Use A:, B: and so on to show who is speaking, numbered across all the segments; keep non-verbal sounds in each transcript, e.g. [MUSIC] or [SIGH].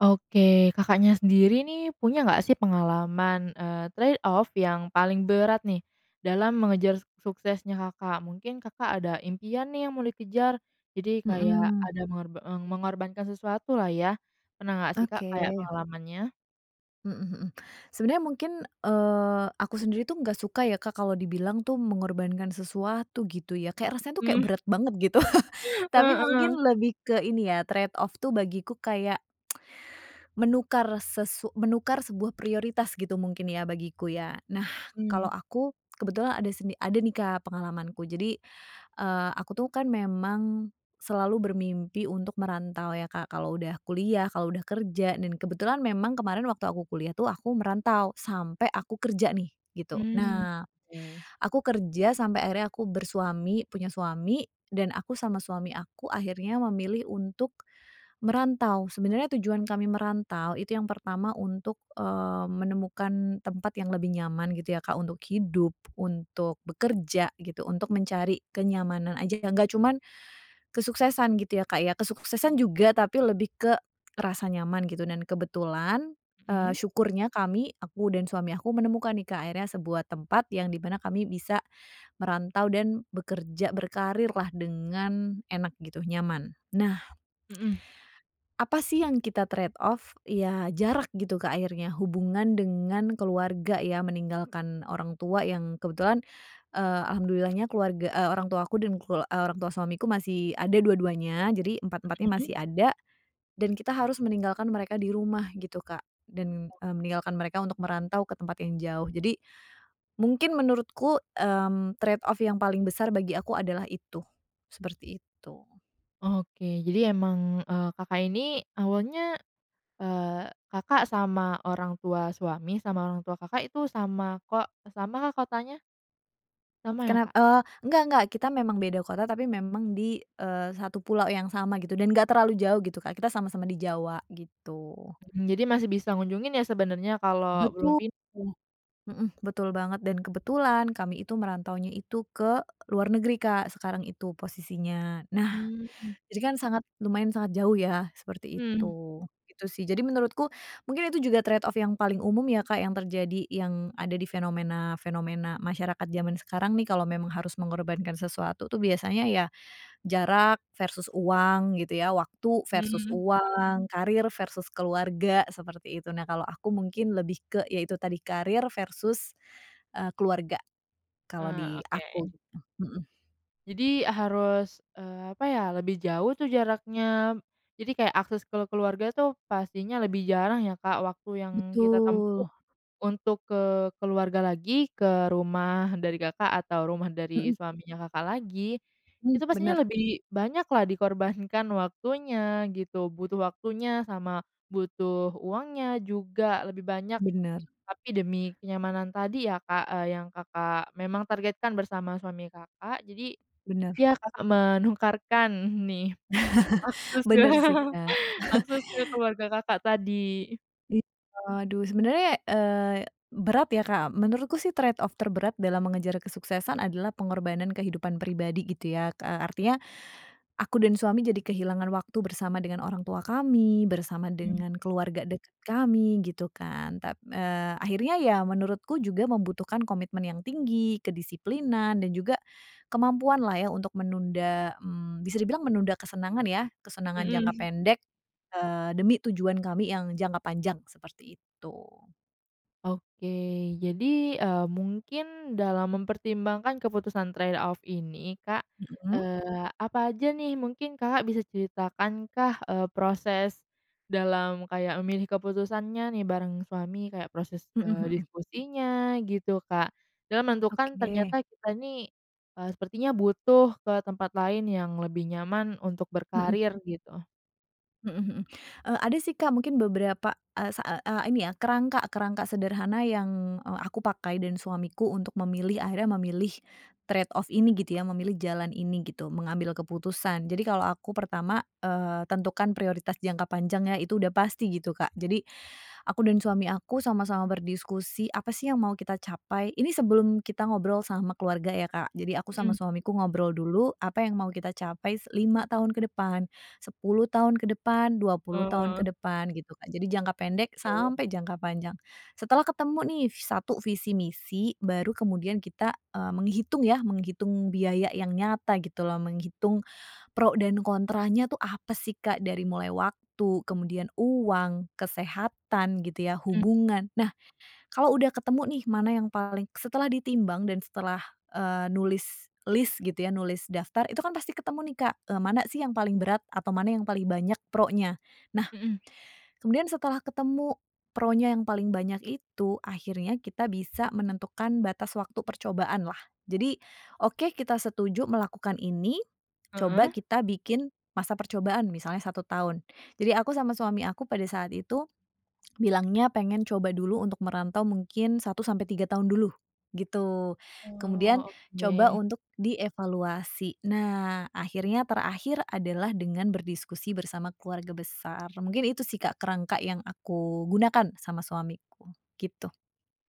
A: Oke, Kakaknya sendiri, nih, punya nggak, sih, pengalaman, eee, trade off, yang paling berat, nih, dalam mengejar suksesnya Kakak? Mungkin Kakak ada impian, nih, yang mau dikejar, jadi kayak
B: Mhm.
A: ada mengor eee mengorbankan sesuatu, lah, ya, pernah nggak, sih, Kak, kayak
B: Oke.
A: pengalamannya?
B: Mhm mhm. Sebenarnya mungkin, eee, aku sendiri, tuh, enggak suka, ya, Kak, kalau dibilang, tuh, mengorbankan sesuatu, gitu, ya. Kayak rasanya, tuh, kayak
A: Mmm.
B: berat banget, gitu. [CHUCKLES] Tapi mungkin
A: Heeh.
B: lebih ke ini, ya, trade off, tuh, bagiku kayak [SMACKS LIPS] menukar sesu menukar sebuah prioritas, gitu, mungkin, ya, bagiku, ya. Nah,
A: Mmm.
B: kalau aku kebetulan ada seni ada, nih, Kak, pengalamanku. Jadi, eee, aku, tuh, kan, memang selalu bermimpi untuk merantau, ya, Kak, kalau udah kuliah, kalau udah kerja, dan kebetulan memang kemarin waktu aku kuliah, tuh, aku merantau sampai aku kerja, nih, gitu.
A: Mmm.
B: Nah,
A: Oke.
B: aku kerja sampai akhirnya aku bersuami, punya suami, dan aku sama suami aku akhirnya memilih untuk merantau. Sebenarnya tujuan kami merantau itu yang pertama untuk, eee, menemukan tempat yang lebih nyaman, gitu, ya, Kak, untuk hidup, untuk bekerja, gitu, untuk mencari kenyamanan aja, yang nggak cuman kesuksesan, gitu, ya, Kak, ya. Kesuksesan juga tapi lebih ke rasa nyaman, gitu, dan kebetulan, eee,
A: Mhm.
B: syukurnya kami, aku dan suami aku, menemukan, nih, Kak, akhirnya sebuah tempat yang di mana kami bisa merantau dan bekerja, berkarir, lah, dengan enak, gitu, nyaman. Nah
A: Mhm.
B: apa, sih yang kita trade off? Ya, jarak, gitu, Kak, akhirnya, hubungan dengan keluarga, ya, meninggalkan orang tua yang kebetulan, eee, alhamdulillahnya keluarga, eee, orang tua aku, dan kelu eee, orang tua suamiku masih ada dua-duanya, jadi empat-empatnya
A: Mhm.
B: masih ada, dan kita harus meninggalkan mereka di rumah, gitu, Kak, dan,
A: Oke.
B: mmm, meninggalkan mereka untuk merantau ke tempat yang jauh, jadi mungkin menurutku, mmm, trade off yang paling besar bagi aku adalah itu. Seperti itu.
A: Oke, jadi emang, eee, Kakak ini awalnya, eee, Kakak sama orang tua suami, sama orang tua Kakak, itu sama ko samakah kotanya? Sama, ya,
B: Kenap
A: Kak?
B: eee, enggak enggak, kita memang beda kota, tapi memang di, eee, satu pulau yang sama, gitu, dan nggak terlalu jauh, gitu, Kak, kita sama-sama di Jawa, gitu.
A: Mmm, jadi masih bisa ngunjungin, ya, sebenarnya kalau belum
B: Betul.
A: pin
B: Mhm, betul banget, dan kebetulan kami itu merantaunya itu ke luar negeri, Kak, sekarang itu posisinya. Nah,
A: Mmm.
B: jadi, kan, sangat lumayan sangat jauh, ya, seperti
A: Mhm.
B: itu. Itu, sih, jadi menurutku, mungkin itu juga trade off yang paling umum, ya, Kak, yang terjadi, yang ada di fenomena-fenomena, masyarakat jaman sekarang, nih, kalau memang harus mengorbankan sesuatu, tuh, biasanya, ya, jarak versus uang, gitu, ya, waktu versus
A: Mmm.
B: uang, karir versus keluarga, seperti itu. Nah, kalau aku mungkin lebih ke, ya, itu tadi, karir versus, eee, keluarga, kalau
A: Ah,
B: di
A: oke.
B: aku, gitu. Mhm.
A: Jadi a harus, eee apa, ya, lebih jauh, tuh, jaraknya, jadi kayak akses ke keluarga, tuh, pastinya lebih jarang, ya, Kak. Waktu yang kita tempuh
B: Betul.
A: untuk ke keluarga lagi, ke rumah dari Kakak, atau rumah dari
B: Mhm.
A: suaminya Kakak lagi,
B: Hmm,
A: itu pastinya
B: benar.
A: lebih banyak, lah, dikorbankan waktunya, gitu, butuh waktunya sama butuh uangnya juga lebih banyak.
B: Benar.
A: Tapi demi kenyamanan tadi, ya, Kak, eee, yang Kakak memang targetkan bersama suami Kakak, jadi,
B: Benar.
A: ya, Kakak menukarkan, nih,
B: [CHUCKLES]
A: akses
B: Benar, sih,
A: [CHUCKLES]
B: Kak.
A: akses ke
B: [CHUCKLES]
A: keluarga Kakak tadi.
B: Iya, aduh, sebenarnya, eee, berat, ya, Kak, menurutku, sih, trade off terberat dalam mengejar kesuksesan adalah pengorbanan kehidupan pribadi, gitu, ya, eee, artinya aku dan suami jadi kehilangan waktu bersama dengan orang tua kami, bersama
A: Hmm.
B: dengan keluarga dekat kami, gitu, kan. Tap eee, akhirnya, ya, menurutku juga membutuhkan komitmen yang tinggi, kedisiplinan, dan juga, kemampuan, lah, ya, untuk menunda, mmm, bisa dibilang menunda kesenangan, ya, kesenangan jangka
A: Mhm.
B: pendek, eee, demi tujuan kami yang jangka panjang, seperti itu.
A: Oke. Jadi, eee, mungkin dalam mempertimbangkan keputusan trade off ini, Kak,
B: Mhm.
A: eee, apa aja, nih, mungkin Kakak bisa ceritakankah, eee, proses dalam kayak memilih keputusannya, nih, bareng suami, kayak proses,
B: Mhm
A: eee,
B: mhm.
A: diskusinya, gitu, Kak? Dalam menentukan
B: Oke.
A: ternyata kita ini, eee, sepertinya butuh ke tempat lain yang lebih nyaman untuk
B: Mhm.
A: berkarir, gitu.
B: Mhm mhm. Eee, ada, sih, Kak, mungkin beberapa, eee, sa eee eee, ini, ya, kerangka kerangka sederhana yang, eee, aku pakai dan suamiku untuk memilih, akhirnya memilih trade off ini, gitu, ya, memilih jalan ini, gitu, mengambil keputusan. Jadi kalau aku pertama, eee, tentukan prioritas jangka panjangnya, itu udah pasti, gitu, Kak. Jadi aku dan suami aku sama-sama berdiskusi, apa, sih, yang mau kita capai. Ini sebelum kita ngobrol sama keluarga, ya, Kak. Jadi aku sama
A: Mhm.
B: suamiku ngobrol dulu, apa yang mau kita capai s 5 tahun ke depan, 10 tahun ke depan, 20 tahun ke
A: Oh.
B: depan, gitu, Kak. Jadi jangka pendek
A: Oke.
B: sampai jangka panjang. Setelah ketemu, nih, ves satu visi misi baru kemudian kita, eee, menghitung, ya, menghitung biaya yang nyata, gitu, loh, menghitung pro dan kontranya, tuh, apa, sih, Kak. Dari mulai waktu, kemudian uang, kesehatan, gitu, ya,
A: Mmm.
B: hubungan. Nah, kalau udah ketemu, nih, mana yang paling setelah ditimbang dan setelah, eee, nulis lis, gitu, ya, nulis daftar, itu, kan, pasti ketemu, nih, Kak, eee, mana, sih, yang paling berat atau mana yang paling banyak pronya. Nah,
A: Mhm.
B: kemudian setelah ketemu pronya yang paling banyak itu, akhirnya kita bisa menentukan batas waktu percobaan, lah. Jadi, oke, kita setuju melakukan ini, coba
A: Heeh.
B: kita bikin masa percobaan, misalnya 1 tahun. Jadi aku sama suami aku pada saat itu bilangnya pengen coba dulu untuk merantau mungkin 1 sampai 3 tahun dulu, gitu. Kemudian,
A: Oh,
B: coba
A: oke.
B: untuk dievaluasi. Nah, akhirnya terakhir adalah dengan berdiskusi bersama keluarga besar, mungkin itu, sih, Kak, kerangka yang aku gunakan sama suamiku, gitu.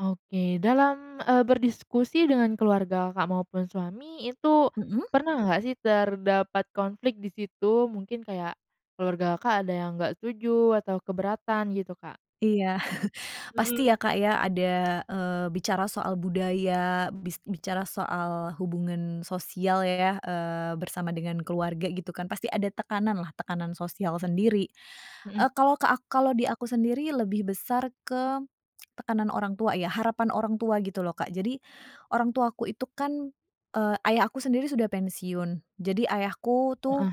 A: Oke, dalam, eee, berdiskusi dengan keluarga Kakak mau pun suami itu
B: Mhm.
A: pernah enggak, sih, terdapat konflik di situ, mungkin kayak keluarga Kakak ada yang nggak setuju atau keberatan, gitu, Kak?
B: Iya, [CHUCKLES] pasti,
A: Mhm.
B: ya, Kak, ya, ada, eee, bicara soal budaya, bis bicara soal hubungan sosial, ya, eee, bersama dengan keluarga, gitu, kan. Pasti ada tekanan, lah, tekanan sosial sendiri. Eee,
A: Mhm.
B: kalau ke a kalau di aku sendiri lebih besar ke [SMACKS LIPS] tekanan orang tua, ya. Harapan orang tua, gitu, loh, Kak. Jadi orang tuaku itu, kan, eee, ayahku sendiri sudah pensiun. Jadi ayahku, tuh
A: Heeh.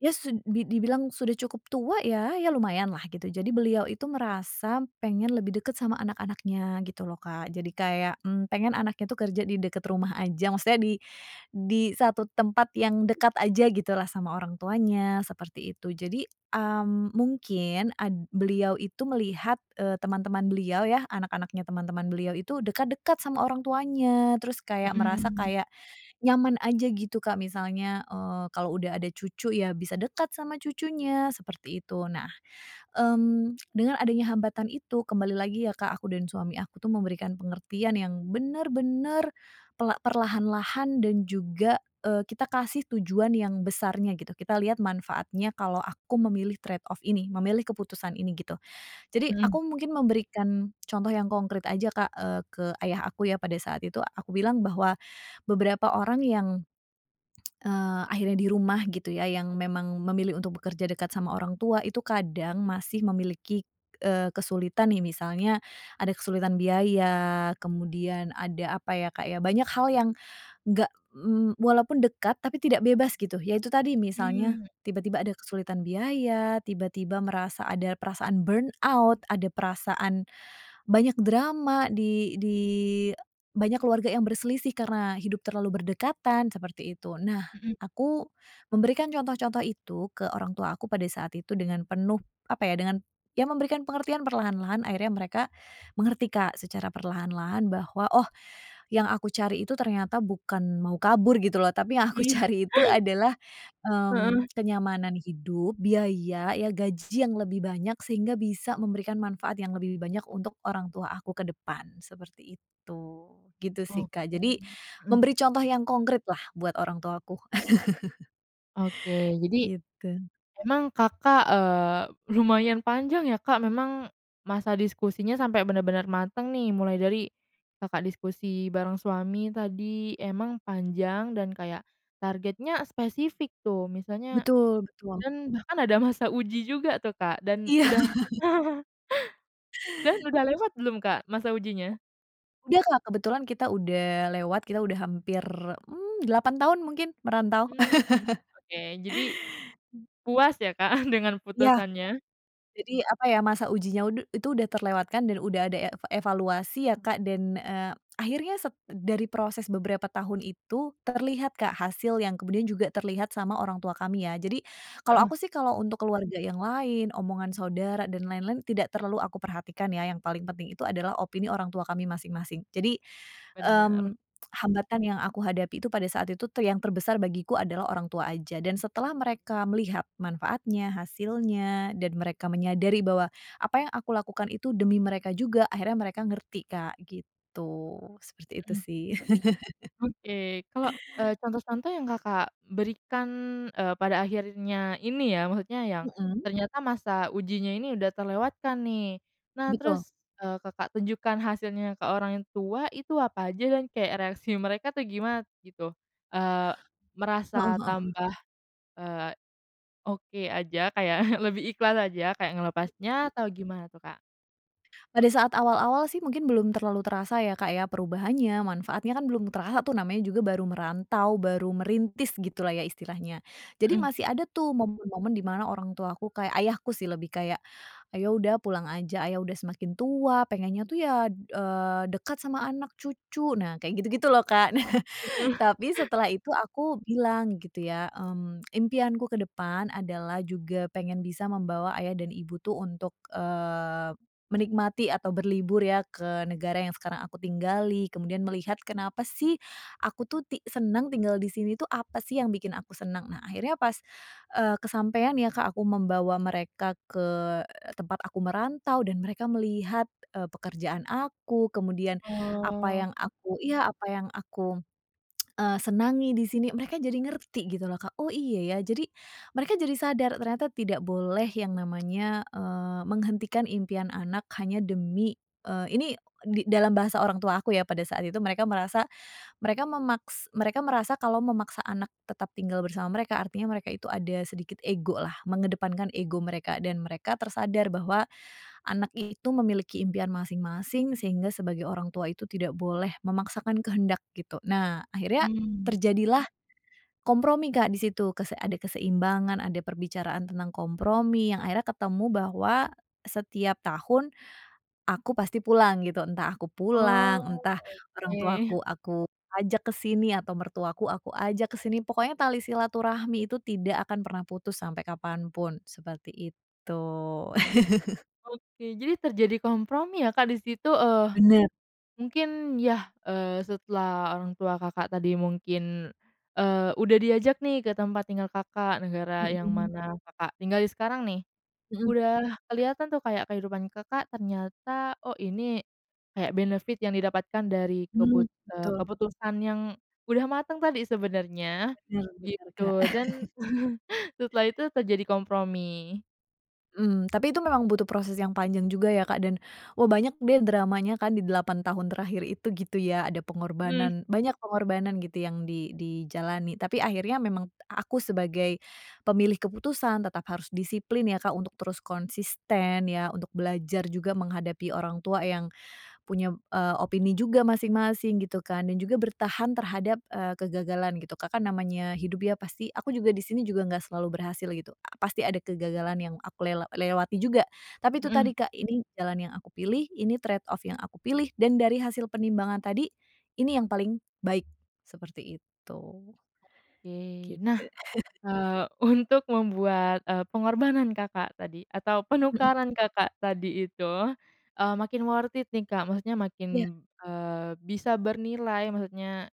B: ya, su di dibilang sudah cukup tua, ya, ya, lumayan, lah, gitu. Jadi beliau itu merasa pengen lebih dekat sama anak-anaknya, gitu, loh, Kak. Jadi kayak, mmm, pengen anaknya, tuh, kerja di dekat rumah aja. Maksudnya di di 1 tempat yang dekat aja gitu, lah, sama orang tuanya, seperti itu. Jadi, mmm, mungkin ad beliau itu melihat, eee, teman-teman beliau, ya, anak-anaknya teman-teman beliau itu dekat-dekat sama orang tuanya, terus kayak merasa
A: Mhm.
B: kayak nyaman aja, gitu, Kak, misalnya, eee, kalau udah ada cucu, ya, bisa dekat sama cucunya, seperti itu. Nah, mmm, dengan adanya hambatan itu kembali lagi, ya, Kak, aku dan suami aku, tuh, memberikan pengertian yang benar-benar pela perlahan-lahan dan juga, eee, kita kasih tujuan yang besarnya, gitu. Kita lihat manfaatnya kalau aku memilih trade off ini, memilih keputusan ini, gitu. Jadi
A: Mhm.
B: aku mungkin memberikan contoh yang konkrit aja, Kak, eee, ke ayah aku, ya, pada saat itu. Aku bilang bahwa beberapa orang yang, [SMACKS LIPS] eee, akhirnya di rumah, gitu, ya, yang memang memilih untuk bekerja dekat sama orang tua itu kadang masih memiliki, eee, kesulitan, nih. Misalnya, ada kesulitan biaya, kemudian ada apa, ya, Kak, ya, banyak hal yang enggak, mmm, walaupun dekat tapi tidak bebas, gitu. Ya, itu tadi, misalnya
A: Mmm.
B: tiba-tiba ada kesulitan biaya, tiba-tiba merasa ada perasaan burnout, ada perasaan banyak drama di di banyak keluarga yang berselisih karena hidup terlalu berdekatan, seperti itu. Nah,
A: Mhm.
B: aku memberikan contoh-contoh itu ke orang tua aku pada saat itu dengan penuh, apa, ya dengan ya, memberikan pengertian perlahan-lahan akhirnya mereka mengerti, Kak, secara perlahan-lahan, bahwa, oh, yang aku cari itu ternyata bukan mau kabur, gitu, loh, tapi yang aku
A: Hmm.
B: cari itu
A: [CHUCKLES]
B: adalah,
A: Heeh.
B: mmm, kenyamanan hidup, biaya, ya, gaji yang lebih banyak, sehingga bisa memberikan manfaat yang lebih banyak untuk orang tua aku ke depan, seperti itu, gitu, sih,
A: Oke,
B: Kak. Jadi
A: mhm.
B: memberi contoh yang konkrit, lah, buat orang tuaku. [CHUCKLES]
A: Oke, jadi
B: Gitu.
A: memang Kakak, eee, lumayan panjang, ya, Kak, memang masa diskusinya sampai benar-benar mateng, nih, mulai dari Kakak diskusi barang suami tadi, emang panjang dan kayak targetnya spesifik, tuh, misalnya
B: Betul betul.
A: dan bahkan ada masa uji juga, tuh, Kak, dan
B: Iya.
A: udah
B: [CHUCKLES]
A: [CHUCKLES] dan udah lewat belum, Kak, masa ujinya?
B: Udah, Kak, kebetulan kita udah lewat, kita udah hampir, mmm, 8 tahun mungkin merantau.
A: Mhm.
B: [CHUCKLES]
A: Oke, jadi
B: Mmm.
A: puas, ya, Kak, [CHUCKLES] dengan
B: Iya.
A: keputusannya?
B: Jadi, apa, ya, masa ujinya udu itu udah terlewatkan dan udah ada e evaluasi, ya, Kak, dan, eee, akhirnya sep dari proses beberapa tahun itu terlihat, Kak, hasil yang kemudian juga terlihat sama orang tua kami, ya, jadi kalau
A: Heeh.
B: aku, sih, kalau untuk keluarga yang lain, omongan saudara dan lain-lain, tidak terlalu aku perhatikan, ya, yang paling penting itu adalah opini orang tua kami masing-masing. Jadi,
A: Benar.
B: mmm, hambatan yang aku hadapi itu pada saat itu, tuh, yang terbesar bagiku adalah orang tua aja. Dan setelah mereka melihat manfaatnya, hasilnya, dan mereka menyadari bahwa apa yang aku lakukan itu demi mereka juga, akhirnya mereka ngerti, Kak, gitu. Seperti itu,
A: Mhm.
B: sih. [CHUCKLES]
A: Oke, kalau, eee, contoh-contoh yang Kakak berikan, eee, pada akhirnya ini, ya, maksudnya yang
B: Mhm.
A: ternyata masa ujinya ini udah terlewatkan, nih, nah,
B: Betul.
A: terus, eee, Kakak tunjukkan hasilnya ke orang tua itu apa aja, dan kayak reaksi mereka, tuh, gimana, gitu? Eee,
B: Heeh
A: merasa
B: heeh.
A: tambah, eee, oke aja, kayak [CHUCKLES] lebih ikhlas aja, kayak ngelepasnya
B: Mmm.
A: atau gimana, tuh, Kak?
B: Pada saat awal-awal, sih, mungkin belum terlalu terasa, ya, Kak, ya, perubahannya, manfaatnya, kan, belum terasa, tuh, namanya juga baru merantau, baru merintis, gitu, lah, ya, istilahnya. Jadi
A: Mhm.
B: masih ada, tuh, momen-momen di mana orang tuaku kayak ayahku, sih, lebih kayak, "Ayo, udah, pulang aja, ayah udah semakin tua, pengennya tuh, ya, d eee, dekat sama anak cucu." Nah, kayak gitu-gitu, loh, Kak. [CHUCKLES]
A: Heeh.
B: Tapi setelah itu aku bilang, gitu, ya, mmm, impianku ke depan adalah juga pengen bisa membawa ayah dan ibu, tuh, untuk, eee, menikmati atau berlibur, ya, ke negara yang sekarang aku tinggali, kemudian melihat kenapa, sih, aku, tuh, ti senang tinggal di sini, tuh, apa, sih, yang bikin aku senang, nah, akhirnya pas, eee, kesampean, ya, Kak, aku membawa mereka ke tempat aku merantau dan mereka melihat, eee, pekerjaan aku, kemudian apa
A: Oh.
B: yang aku iya, apa yang aku, [SMACKS LIPS] eee, senangi di sini, mereka jadi ngerti, gitu, loh, Kak. Oh, iya, ya, jadi mereka jadi sadar, ternyata tidak boleh yang namanya, eee, menghentikan impian anak hanya demi eee, ini, di dalam bahasa orang tua aku, ya, pada saat itu, mereka merasa, mereka memaks mereka merasa kalau memaksa anak tetap tinggal bersama mereka, artinya mereka itu ada sedikit ego, lah, mengedepankan ego mereka dan mereka tersadar bahwa anak itu memiliki impian masing-masing, sehingga sebagai orang tua itu tidak boleh memaksakan kehendak, gitu. Nah, akhirnya
A: Mmm.
B: terjadilah kompromi, Kak, di situ. Kese ada keseimbangan, ada perbicaraan tentang kompromi yang akhirnya ketemu bahwa setiap tahun aku pasti pulang, gitu. Entah aku
A: Oh,
B: pulang, entah orang
A: Oke.
B: tuaku aku ajak ke sini, atau mertuaku aku ajak ke sini, pokoknya tali silaturahmi itu tidak akan pernah putus sampai kapan pun, seperti itu. [CHUCKLES]
A: Oke, jadi terjadi kompromi, ya, Kak, di situ. Eee,
B: Benar.
A: mungkin, ya, eee, setelah orang tua Kakak tadi mungkin, eee, udah diajak, nih, ke tempat tinggal Kakak, negara yang
B: Mhm.
A: mana Kakak tinggalin sekarang, nih,
B: Mhm.
A: udah keliatan, tuh, kayak kehidupan Kakak, ternyata, oh, ini kayak benefit yang didapatkan dari
B: Hmm,
A: kebut eee,
B: betul.
A: keputusan yang udah mateng tadi sebenernya,
B: Benar benar, Kak.
A: gitu, dan,
B: [CHUCKLES]
A: [CHUCKLES] setelah itu terjadi kompromi.
B: Mmm, tapi itu memang butuh proses yang panjang juga, ya, Kak, dan, wah, banyak, deh, dramanya, kan, di 8 tahun terakhir itu, gitu, ya, ada
A: Mhm.
B: pengorbanan banyak pengorbanan, gitu, yang di dijalani, tapi akhirnya memang t a aku sebagai pemilih keputusan tetap harus disiplin, ya, Kak, untuk terus konsisten, ya, untuk belajar juga menghadapi orang tua yang punya, p eee, opini juga masing-masing, gitu, kan. Dan juga bertahan terhadap, eee, kegagalan, gitu. Kak, kan, namanya hidup dia pasti aku juga di sini juga enggak selalu berhasil, gitu. A pasti ada kegagalan yang aku lela lewati juga, tapi itu
A: Heeh.
B: tadi, Kak, ini jalan yang aku pilih, ini trade off yang aku pilih dan dari hasil penimbangan tadi ini yang paling baik, seperti itu.
A: Oke. Nah,
B: Gitu. [CHUCKLES]
A: eee, untuk membuat, eee, pengorbanan Kakak tadi, atau
B: Mhm.
A: penukaran Kakak tadi itu, eee, makin worth it, nih, Kak, maksudnya
B: Iya.
A: makin, eee, bisa bernilai, maksudnya,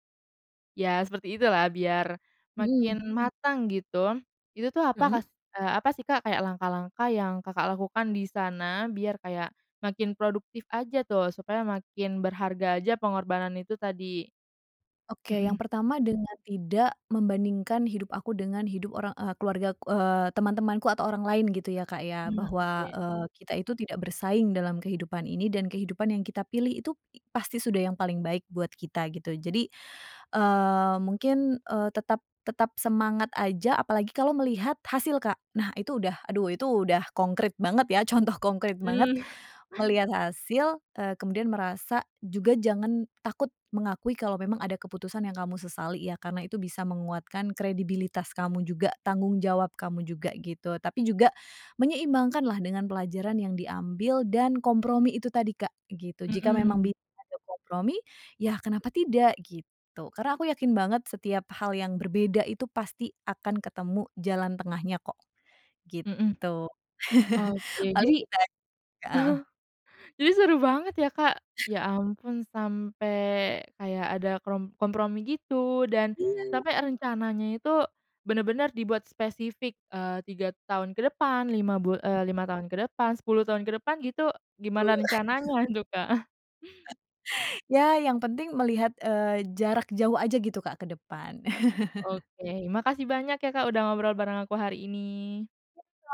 A: ya, seperti itulah, biar
B: Mhm.
A: makin matang, gitu. Itu, tuh, apa
B: Mhm.
A: kah eee, apa, sih, Kak, kayak langkah-langkah yang Kakak lakukan di sana biar kayak makin produktif aja, tuh, supaya makin berharga aja pengorbanan itu tadi?
B: Oke, yang
A: Mhm.
B: pertama dengan tidak membandingkan hidup aku dengan hidup orang, eee, keluargaku eee, teman-temanku atau orang lain gitu, ya, Kak, ya,
A: Hmm,
B: bahwa,
A: oke.
B: eee, kita itu tidak bersaing dalam kehidupan ini dan kehidupan yang kita pilih itu pasti sudah yang paling baik buat kita, gitu. Jadi, eee, mungkin, eee, tetap tetap semangat aja, apalagi kalau melihat hasil, Kak. Nah, itu udah aduh, itu udah konkrit banget, ya, contoh konkrit banget,
A: Mmm. [CHUCKLES]
B: melihat hasil, eee, kemudian merasa juga jangan takut mengakui kalau memang ada keputusan yang kamu sesali, ya, karena itu bisa menguatkan kredibilitas kamu juga, tanggung jawab kamu juga, gitu, tapi juga menyeimbangkan, lah, dengan pelajaran yang diambil dan kompromi itu tadi, Kak, gitu. Jika memang
A: Mhm.
B: bisa ada kompromi, ya, kenapa tidak, gitu, karena aku yakin banget setiap hal yang berbeda itu pasti akan ketemu jalan tengahnya, kok,
A: Mhm.
B: gitu.
A: Oke.
B: [CHUCKLES] Paling
A: Jadi
B: gitu aja, sih, Kak, heeh.
A: [CHUCKLES] jadi seru banget, ya, Kak. Ya, ampun, sampai, kayak ada, krom kompromi gitu, dan
B: Iya.
A: sampai rencananya itu benar-benar dibuat spesifik, eee, 3 tahun ke depan, 5 bul eee, 5 tahun ke depan, 10 tahun ke depan, gitu, gimana
B: Bu. [CHUCKLES]
A: rencananya itu, Kak?
B: [CHUCKLES] Ya, yang penting melihat, eee, jarak jauh aja, gitu, Kak, ke depan. [CHUCKLES]
A: Oke, makasih banyak, ya, Kak, udah ngobrol bareng aku hari ini.
B: Yuk, Kak.